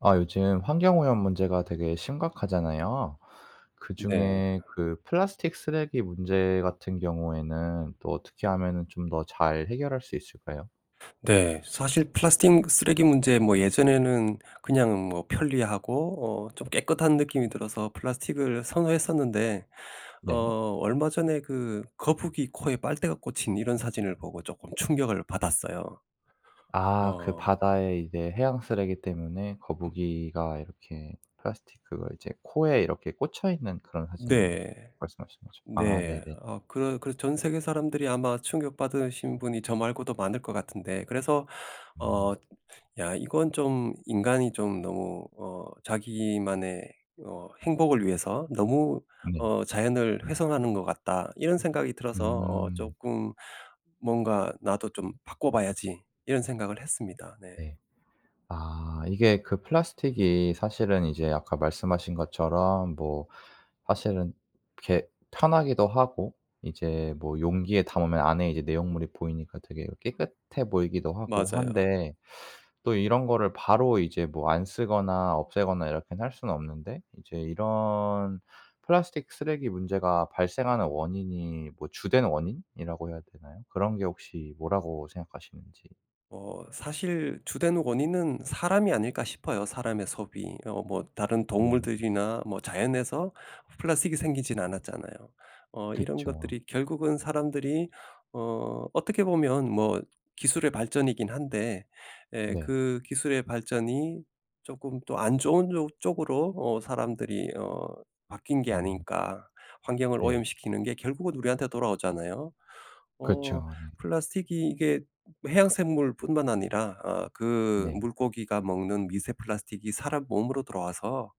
아 요즘 환경오염 문제가 되게 심각하잖아요? 네. 그중에 그 플라스틱 쓰레기 문제 같은 경우에는 또 어떻게 하면은 좀 더 잘 해결할 수 있을까요? 네. 사실 플라스틱 쓰레기 문제 뭐 예전에는 그냥 뭐 편리하고 어 좀 깨끗한 느낌이 들어서 플라스틱을 선호했었는데 어 네. 얼마 전에 그 거북이 코에 빨대가 꽂힌 이런 사진을 보고 쪼끔 충격을 받았어요. 아 그 어 바다의 이제 해양 쓰레기 때문에 거북이가 이렇게 플라스틱 그걸 이제 코에 이렇게 꽂혀 있는 그런 사진 네. 말씀하시는 거죠? 아 네. 네네. 어 그 그래서 전 세계 사람들이 아마 충격받으신 분이 저 말고도 많을 것 같은데 그래서 어 음. '야 이건 좀 인간이 좀 너무 어 자기만의 어 행복을 위해서 너무 네. 어 자연을 훼손하는 것 같다.' 이런 생각이 들어서 '어 음. 쪼끔 뭔가 나도 좀 바꿔 봐야지.' 이런 생각을 했습니다. 네. 네. 아 이게 그 플라스틱이 사실은 이제 아까 말씀하신 것처럼 뭐 사실은 이렇게 편하기도 하고 이제 뭐 용기에 담으면 안의 이제 내용물이 보이니까 되게 그 깨끗해 보이기도 하고 맞아요. 한데 또 이런 거를 바로 이제 뭐 안 쓰거나 없애거나 이렇게는 할 수는 없는데 이제 이런 플라스틱 쓰레기 문제가 발생하는 원인이 뭐 주된 원인? 이라고 해야 되나요? 그런 게 혹시 뭐라고 생각하시는지? 어 사실 주된 원인은 사람이 아닐까 싶어요, 사람의 소비. 어 뭐 다른 음. 동물들이나 뭐 자연에서 플라스틱이 생기진 않았잖아요. 어 이런 그쵸. 것들이 결국은 사람들이 어 어떻게 보면 뭐 기술의 발전이긴 한데 예, 네. 그 '기술의 발전이 쪼금 또 안 좋은 조 쪽으로 어 사람들이 어 바뀐 게 음. 아닐까.' 환경을 네. 오염시키는 게 결국은 우리한테 돌아오잖아요. 어 그쵸. 네. 플라스틱이 이게 해양생물뿐만 아니라 어 그 네. 물고기가 먹는 미세 플라스틱이 사람 몸으로 돌아와서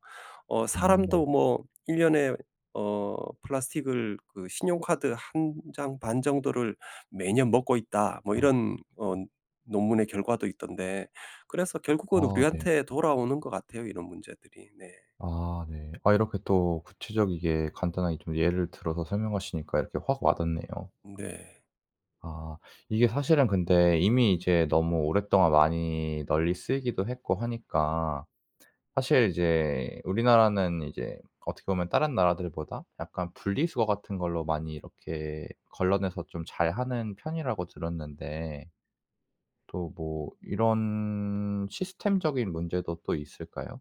어 음. '사람도 뭐 1 년에 어 플라스틱을 그 신용카드 1 장 반 정도를 매년 먹고 있다.' 뭐 아. 이런 어 논문의 결과도 있던데 그래서 결국은 아. 네. 우리한테 돌아오는 것 같아요, 이런 문제들이. 네. 아. 네. 아 이렇게 또 구체적이게 간단하게 좀 예를 들어서 설명하시니까 이렇게 확 와 닿네요. 네. 아. 이게 사실은 근데 이미 이제 너무 오랫동안 많이 널리 쓰이기도 했고 하니까 사실 이제 우리나라는 이제 어떻게 보면 다른 나라들보다 약간 분리수거 같은 걸로 많이 이렇게 걸러내서 좀 잘하는 편이라고 들었는데 또 뭐 이런 시스템적인 문제도 또 있을까요?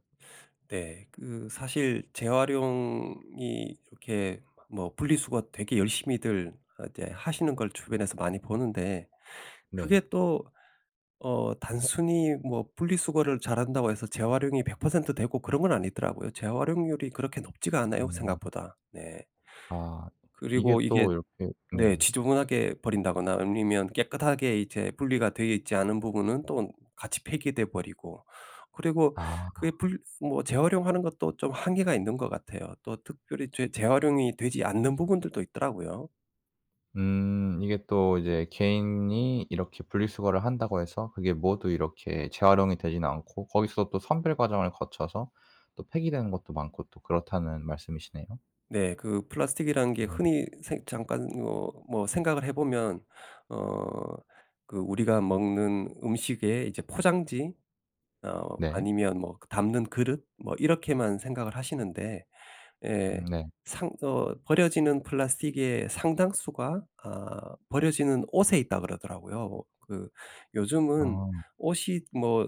네. 그 사실 재활용이 요렇게 뭐 분리수거 되게 열심히들 어 이제 하시는 걸 주변에서 많이 보는데 네. 그게 또 어 단순히 뭐 분리수거를 잘한다고 해서 재활용이 100% 되고 그런 건 아니더라고요. 재활용률이 그렇게 높지가 않아요, 음. 생각보다. 네. 아. 이게 그리고 이게 또 이렇게 네. 네. 지저분하게 버린다거나 아니면 깨끗하게 이제 분리가 되어 있지 않은 부분은 또 같이 폐기되어 버리고. 그리고 그 예 아. 분 뭐 재활용하는 것도 좀 한계가 있는 것 같아요. 또 특별히 재 재활용이 되지 않는 부분들도 있더라고요. 음. 이게 또 이제 개인이 이렇게 분리수거를 한다고 해서 그게 모두 이렇게 재활용이 되진 않고 거기서 또 선별 과정을 거쳐서 또 폐기되는 것도 많고 또 그렇다는 말씀이시네요. 네. 그 플라스틱이라는 게 음. 흔히 생 잠깐 어 뭐 생각을 해보면 어 그 우리가 먹는 음식의 이제 포장지 어 네. 아니면 뭐 그 담는 그릇 뭐 이렇게만 생각을 하시는데 음. 예, 네. 상 어 "버려지는 플라스틱의 상당수가 어 버려지는 옷에 있다." 그러더라고요. 그 요즘은 아. 옷이 뭐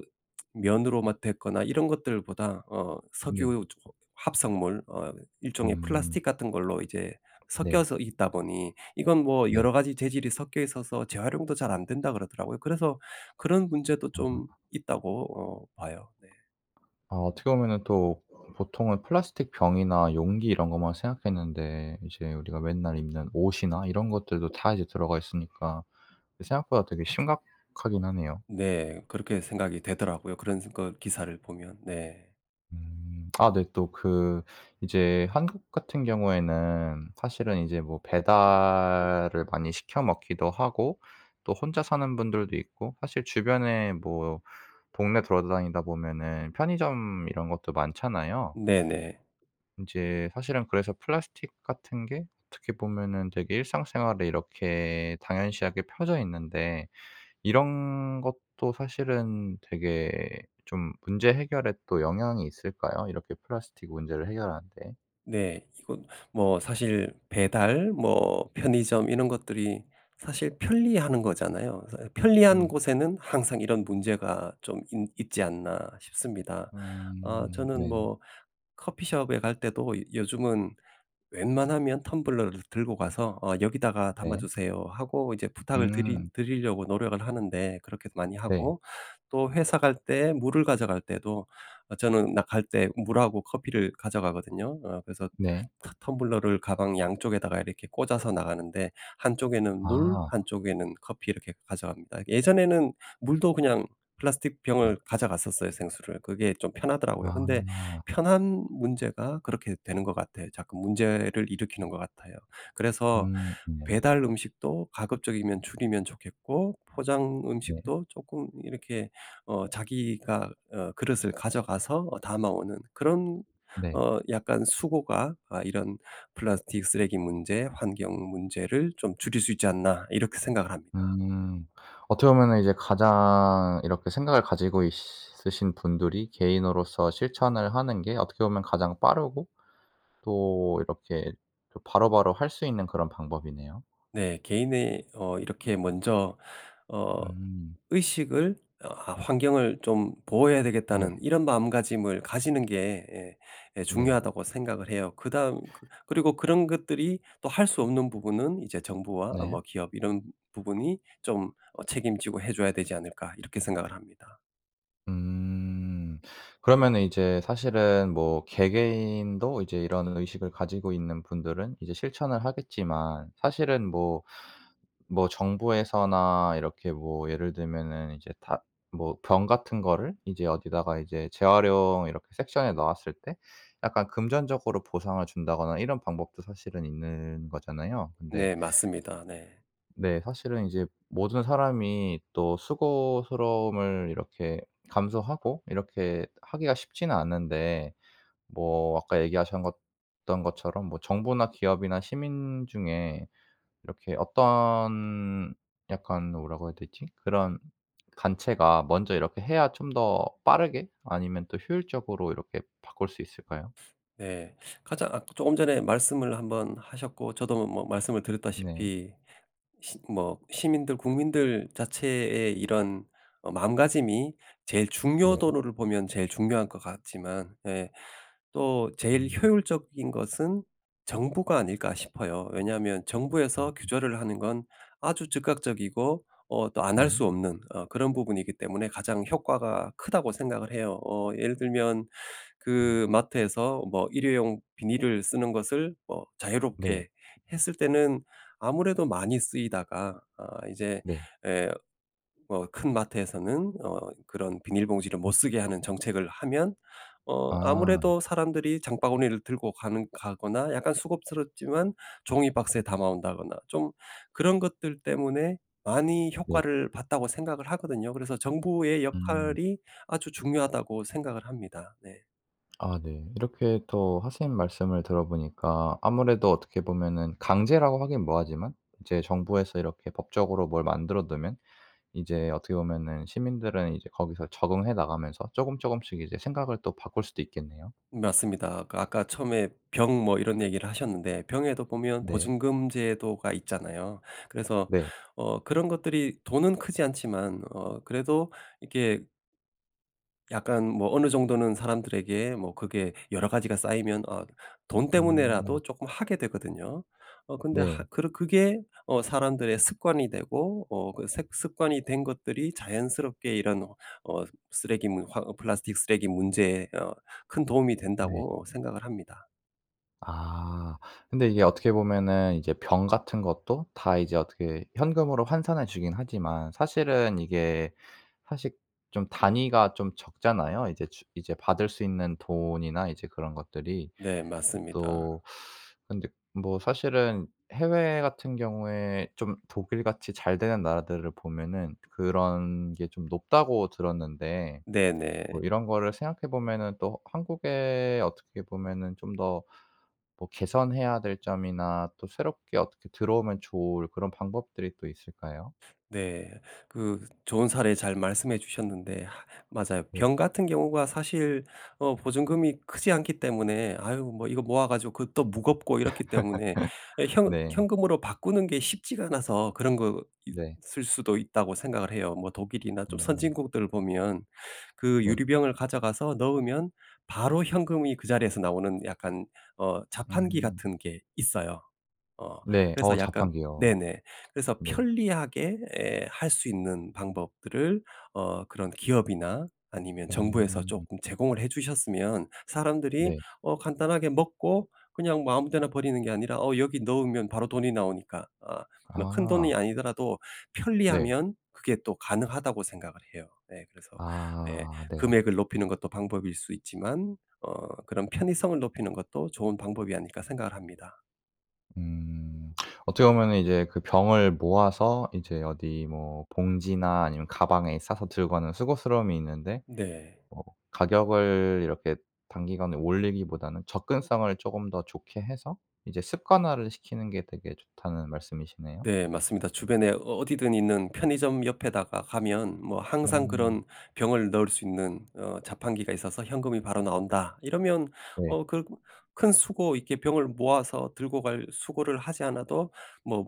면으로 막 됐거나 이런 것들 보다 어 네. 석유 저 어 합성물 어 일종의 음. 플라스틱 같은 걸로 이제 네. 섞여서 있다 보니 이건 뭐 네. 여러 가지 재질이 섞여 있어서 "재활용도 잘 안된다." 그러더라고요. 그래서 그런 문제도 좀 아. 있다고 어 봐요. 네. 아 어떻게 보면 또 보통은 플라스틱 병이나 용기 이런 것만 생각했는데 이제 우리가 맨날 입는 옷이나 이런 것들도 다 이제 들어가 있으니까 생각보다 되게 심각하긴 하네요. 네. 그렇게 생각이 되더라고요, 그런 승 그 기사를 보면. 네. 음. 아 네. 또 그 이제 한국 같은 경우에는 사실은 이제 뭐 배달을 많이 시켜 먹기도 하고 또 혼자 사는 분들도 있고 사실 주변에 뭐 동네 돌아다니다 보면은 편의점 이런 것도 많잖아요. 네네. 인제 사실은 그래서 플라스틱 같은 게 어떻게 보면은 되게 일상생활에 이렇게 당연시하게 퍼져 있는데 이런 것도 사실은 되게 좀 문제 해결에 또 영향이 있을까요? 이렇게 플라스틱 문제를 해결하는 데? 네. 이거 뭐 사실 배달 뭐 편의점 이런 것들이 사실 편리하는 거잖아요. 그래서 어 '편리한 음. 곳에는 항상 이런 문제가 좀 있 있지 않나.' 싶습니다. 어 음. 저는 네. 뭐 커피숍에 갈 때도 요 요즘은 웬만하면 텀블러를 들고 가서 어 "여기다가 네. 담아주세요." 하고 이제 부탁을 드리 음. 드리려고 노력을 하는데 그렇게 많이 네. 하고 또 회사 갈 때 물을 가져갈 때도 어 저는 나 갈 때 물하고 커피를 가져가거든요. 어 그래서 네. 터 텀블러를 가방 양쪽에다가 이렇게 꽂아서 나가는데 한쪽에는 물 아. 한쪽에는 커피 이렇게 가져갑니다. 예전에는 물도 그냥 플라스틱 네. 병을 가져갔었어요, 생수를. 그게 좀 편하더라고요. 근데 아. 편한 문제가 그렇게 되는 것 같아요. 자꾸 문제를 일으키는 것 같아요. 그래서 음. 예. 배달 음식도 가급적이면 줄이면 좋겠고 포장 네. 음식도 쪼끔 이렇게 어 자기가 어 그릇을 가져가서 어 담아 오는 그런 네. 어 약간 수고가 아 이런 '플라스틱 쓰레기 문제, 환경 문제를 좀 줄일 수 있지 않나.' 이렇게 생각을 합니다. 음. 어떻게 보면 이제 가장 이렇게 생각을 가지고 있으신 분들이 개인으로서 실천을 하는 게 어떻게 보면 가장 빠르고 또 이렇게 또 바로바로 할 수 있는 그런 방법이네요. 네. 개인의 어 이렇게 먼저 어 음. 의식을 어 '환경을 좀 네. 보호해야겠다.'는 이런 마음가짐을 가지는 게 예, 예 네. 중요하다고 생각을 해요. 그다음 그 그리고 그런 것들이 또 할 수 없는 부분은 이제 '정부와 어 네. 뭐 기업 이런 부분이 좀 어 책임지고 해 줘야 되지 않을까.' 이렇게 생각을 합니다. 음. 그러면은 이제 사실은 뭐 개개인도 이제 이런 의식을 가지고 있는 분들은 이제 실천을 하겠지만 사실은 뭐, 뭐 정부에서나 이렇게 뭐 예를 들면은 이제 다 뭐 병 같은 거를 이제 어디다가 이제 재활용 이렇게 섹션에 놓았을 때 약간 금전적으로 보상을 준다거나 이런 방법도 사실은 있는 거잖아요. 근데 네 맞습니다. 네. 네 사실은 이제 모든 사람이 또 수고스러움을 이렇게 감수하고 이렇게 하기가 쉽지는 않은데 뭐 아까 얘기하신 것 던 것처럼 뭐 정부나 기업이나 시민 중에 이렇게 어떤 약간 뭐라고 해야 되지? 그런 단체가 먼저 이렇게 해야 좀 더 빠르게? 아니면 또 효율적으로 이렇게 바꿀 수 있을까요? 네 가장 아 쪼금 전에 말씀을 한번 하셨고 저도 뭐 말씀을 네. 드렸다시피 시 뭐 시민들 국민들 자체의 이런 어 마음가짐이 제일 네. 중요도로 를 보면 제일 중요할 것 같지만 예 또 제일 음음. 효율적인 것은 정부가 아닐까 싶어요. 왜냐하면 음. 정부에서 규제를 하는 건 아주 즉각적이고 어 또 안 할 네. 수 없는 어 그런 부분이기 때문에 '가장 효과가 크다.'고 생각을 해요. 어 예를 들면 그 음. 마트에서 뭐 1 회용 비닐을 쓰는 것을 뭐 네. 자유롭게 했을 때는 아무래도 많이 쓰이다가 아 이제 네. 예 뭐 큰 마트에서는 어 그런 비닐봉지를 못 쓰게 하는 정책을 하면 어 아. 아무래도 사람들이 장바구니를 들고 가는 가거나 약간 수고스럽지만 종이 박스에 담아 온다거나 좀 '그런 것들 때문에 많이 네. 효과를 봤다.'고 생각을 하거든요. 그래서 '정부의 음. 역할이 아주 중요하다.'고 생각을 합니다. 네. 아 네. 이렇게 또 선생님 말씀을 들어보니까 아무래도 어떻게 보면 강제라고 하긴 뭐하지만 이제 정부에서 이렇게 법적으로 뭘 만들어 두면 이제 어떻게 보면은 시민들은 이제 거기서 적응해 나가면서 쪼금쪼금씩 이제 생각을 또 바꿀 수도 있겠네요. 맞습니다. 아까 아까 처음에 병 뭐 이런 얘기를 하셨는데 병에도 보면 네. 보증금 제도가 있잖아요. 그래서 네. 어 그런 것들이 돈은 크지 않지만 어 그래도 이게 약간 뭐 어느 정도는 사람들에게 뭐 그게 여러 가지가 쌓이면 어 돈 음. 때문에라도 쪼끔 하게 되거든요. 어 근데 하 네. 그러 그게 어 사람들의 습관이 되고 어 그 색 습관이 된 것들이 자연스럽게 이런 어 쓰레기 문 화 어 '플라스틱 쓰레기 문제에 어 큰 도움이 네. 된다.'고 생각을 합니다. 아 근데 이게 어떻게 보면은 이제 병 같은 것도 다 이제 어떻게 현금으로 환산해 주긴 하지만 사실은 이게 사실 좀 단위가 좀 적잖아요. 이제 주 이제 받을 수 있는 돈이나 이제 그런 것들이. 네. 맞습니다. 또 근데 뭐 사실은 해외 같은 경우에 좀 독일같이 잘 되는 나라들을 보면은 그런 게 좀 높다고 들었는데 뭐 네네. 이런 거를 생각해 보면은 또 한국에 어떻게 보면은 좀 더 뭐 개선해야 될 점이나 또 새롭게 어떻게 들어오면 좋을 그런 방법들이 또 있을까요? 네. 그 좋은 사례 잘 말씀해 주셨는데 하 맞아요. 네. 병 같은 경우가 사실 어 보증금이 크지 않기 때문에 아유 이거 모아 가지고 그거 또 무겁고 이렇기 때문에 예 '현 네. 현금으로 바꾸는 게 쉽지가 않아서 그런 것일 네. 수도 있다.'고 생각을 해요. 뭐 독일이나 좀 음. 선진국들 보면 그 네. 유리병을 가져가서 넣으면 바로 현금이 그 자리에서 나오는 약간 어 자판기 음. 같은 게 있어요. 어 네. 어 그래서 약간 자판기요. 네네. 그래서 네. 편리하게 예 할 수 있는 방법들을 어 그런 기업이나 아니면 정부에서 음. 쪼끔 제공을 해주셨으면 사람들이 네. 어 간단하게 먹고 그냥 뭐 아무 데나 버리는 게 아니라 어 여기 넣으면 바로 돈이 나오니까 어 뭐 아. 큰돈이 아니더라도 네. '편리하면 그게 또 가능하다.'고 생각을 해요. 네. 그래서 네 아 네. 금액을 높이는 것도 방법일 수 있지만 어 그런 편의성을 높이는 것도 좋은 방법이 아닐까 생각을 합니다. 음. 어떻게 보면은 이제 그 병을 모아서 이제 어디 뭐 봉지나 아니면 가방에 싸서 들고 가는 수고스러움이 있는데 네. 어 가격을 이렇게 단기간에 올리기보다는 접근성을 조금 더 좋게 해서 이제 "습관화를 시키는 게 되게 좋다."는 말씀이시네요. 네. 맞습니다. 주변에 어 어디든 있는 편의점 옆에다가 가면 뭐 항상 음. 그런 병을 넣을 수 있는 어 자판기가 있어서 "현금이 바로 나온다." 이러면 네. 어 그 큰 수고 이렇게 병을 모아서 들고 갈 수고를 하지 않아도 뭐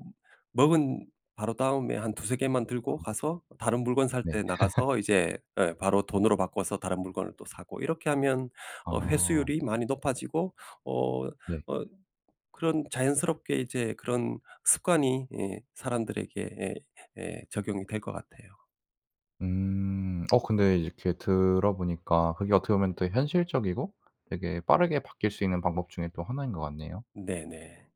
먹은 바로 다음에 한 2-3 개만 들고 어. 가서 다른 물건 살 네. 때 나가서 이제 예, 바로 돈으로 바꿔서 다른 물건을 또 사고 이렇게 하면 어 어. 회수율이 많이 높아지고 어 네. 어 그런 자연스럽게 이제 그런 습관이 이 사람들에게 예, 예 적용이 될 것 같아요. 음. 어 근데 이렇게 들어 보니까 그게 어떻게 보면 되게 현실적이고 되게 빠르게 바뀔 수 있는 방법 중에 또 하나인 것 같네요. 네네.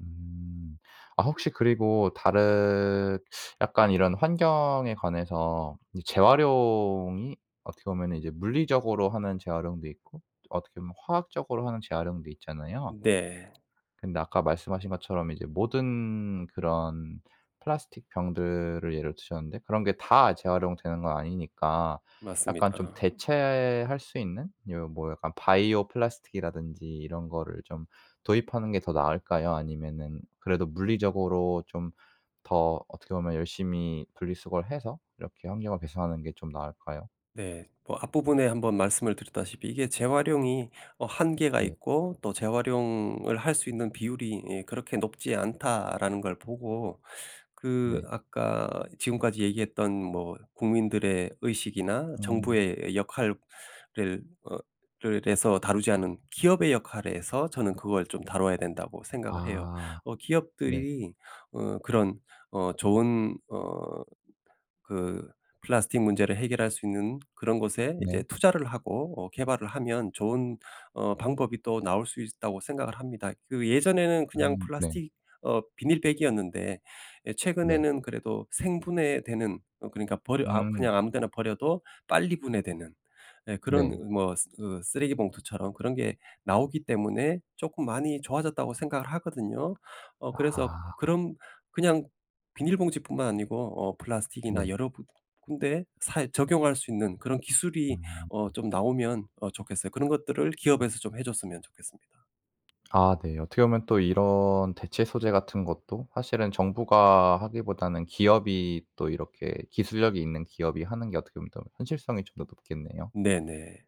음. 어 혹시 그리고 다른 약간 이런 환경에 관해서 이 재활용이 어떻게 보면은 이제 물리적으로 하는 재활용도 있고 어떻게 보면 화학적으로 하는 재활용도 있잖아요? 네. 근데 아까 말씀하신 것처럼 이제 모든 그런 플라스틱 병들을 예로 드셨는데 그런 게 다 재활용되는 건 아니니까 약간 좀 맞습니다. 대체할 수 있는? 요런 뭐 약간 바이오 플라스틱이라든지 이런 거를 좀 도입하는 게 더 나을까요? 아니면은 그래도 물리적으로 좀 더 어떻게 보면 열심히 분리수거를 해서 이렇게 환경을 개선하는 게 좀 나을까요? 네. 뭐 앞부분에 한번 말씀을 드렸다시피 이게 재활용이 어 한계가 네. 있고 또 "재활용을 할 수 있는 비율이 이 그렇게 높지 않다."라는 걸 보고 그 네. 아까 지금까지 얘기했던 뭐 국민들의 의식이나 음. 정부의 역할을 어 를에서 다루자 않은 '기업의 역할에서 저는 그걸 좀 다뤄야 된다.'고 생각을 해요. 아 어 네. 기업들이 어 그런 어 좋은 어 그 플라스틱 문제를 해결할 수 있는 그런 곳에 이제 네. 투자를 하고 어 개발을 하면 '좋은 어 방법이 또 나올 수 있다.'고 생각을 합니다. 그 예전에는 그냥 음 네. 플라스틱 어 비닐백이었는데 에 네. 최근에는 그래도 생분해되는 그러니까 버려 아 음. 그냥 아무 데나 버려도 빨리 분해되는 예 그런 네. 으그 뭐 쓰 그 쓰레기봉투처럼 그런 게 나오기 때문에 '쪼끔 많이 좋아졌다.'고 생각을 하거든요. 어 그래서 아. 그럼 그냥 비닐봉지뿐만 아니고 어 플라스틱이나 네. 여러 군 군데에 사용 적용할 수 있는 그런 기술이 음. 어 좀 나오면 어 좋겠어요. 그런 것들을 기업에서 좀 해 줬으면 좋겠습니다. 아 네 어떻게 보면 또 이런 대체 소재 같은 것도 사실은 정부가 하기보다는 기업이 또 이렇게 기술력이 있는 기업이 하는 게 어떻게 보면 현실성이 좀 더 높겠네요. 네네.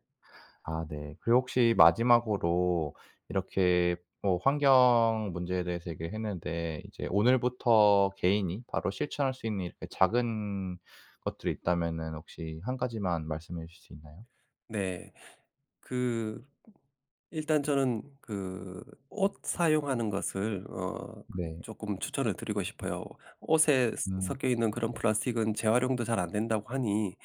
아 네. 그리고 혹시 마지막으로 이렇게 뭐 환경 문제에 대해서 얘기를 했는데 이제 오늘부터 개인이 바로 실천할 수 있는 이렇게 작은 것들이 있다면은 혹시 1 가지만 말씀해 주실 수 있나요? 네. 그 일단 저는 그 옷 사용하는 것을 어 그 네. 조끔 추천을 드리고 싶어요. 옷에 스 음. 섞여 있는 그런 플라스틱은 재활용도 잘 안 된다고 하니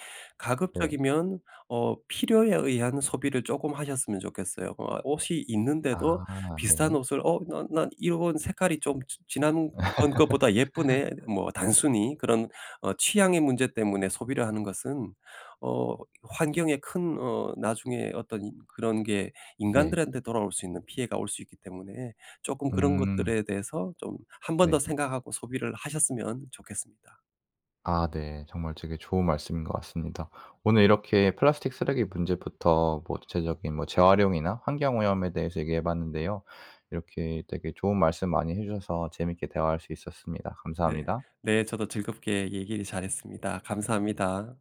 네. 가급적이면 어 필요에 의한 소비를 쪼끔 하셨으면 좋겠어요. 어 옷이 있는데도 아 비슷한 네. 옷을 "어 난 난 이런 색깔이 좀 지 지난번 것보다 예쁘네." 뭐 단순히 그런 어 취향의 문제 때문에 소비를 하는 것은 어 환경에 큰 어 나중에 어떤 이 그런 게 네. 인간들한테 돌아올 수 있는 피해가 올 수 있기 때문에 쪼끔 그런 음. 것들에 대해서 좀 1 번 더 네. 생각하고 소비를 하셨으면 좋겠습니다. 아 네 정말 좋은 되게 말씀인 것 같습니다. 오늘 이렇게 플라스틱 쓰레기 문제부터 뭐 구체적인 재활용이나 환경오염에 대해서 이야기해 봤는데요. 이렇게 되게 좋은 말씀 많이 해주셔서 재미있게 대화할 수 있었습니다. 네. 감사합니다. 네 저도 즐겁게 얘기를 잘했습니다. 감사합니다.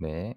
네.